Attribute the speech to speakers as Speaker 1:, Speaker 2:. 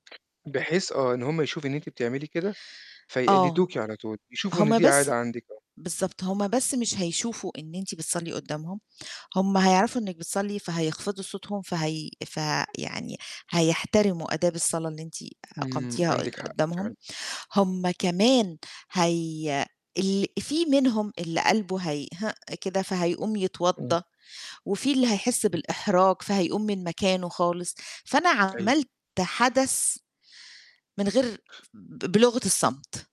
Speaker 1: بحيث آه، إن هم يشوفوا إن أنتِ بتعملي كده،
Speaker 2: آه.
Speaker 1: فيقلِّدوكِ على طول، يشوفوا إن
Speaker 2: هم
Speaker 1: دي
Speaker 2: بس
Speaker 1: عادة عندِك. آه.
Speaker 2: بالضبط. هم بس مش هيشوفوا إن أنتِ بتصلّي قُدّامهم، هم هيعرفوا إنِّك بتصلّي فهيخفضوا صوتهم، فهي ف يعني هيحترموا آداب الصلا اللي أنتِ
Speaker 1: إمم،
Speaker 2: أقمتيها قد
Speaker 1: عندِك حق،
Speaker 2: قُدّامهم،
Speaker 1: فعلًا.
Speaker 2: هم كمان هي ال فيه منهم اللي قلبه هيهِئ كده، فهيقوم
Speaker 1: إمم.
Speaker 2: يتوضّا وفيه اللي هيحس
Speaker 1: إمم.
Speaker 2: بالإحراج فهيقوم من مكانه خالص. فأنا
Speaker 1: أيوه.
Speaker 2: عملت حدث من غير ب بلُغَة الصمت.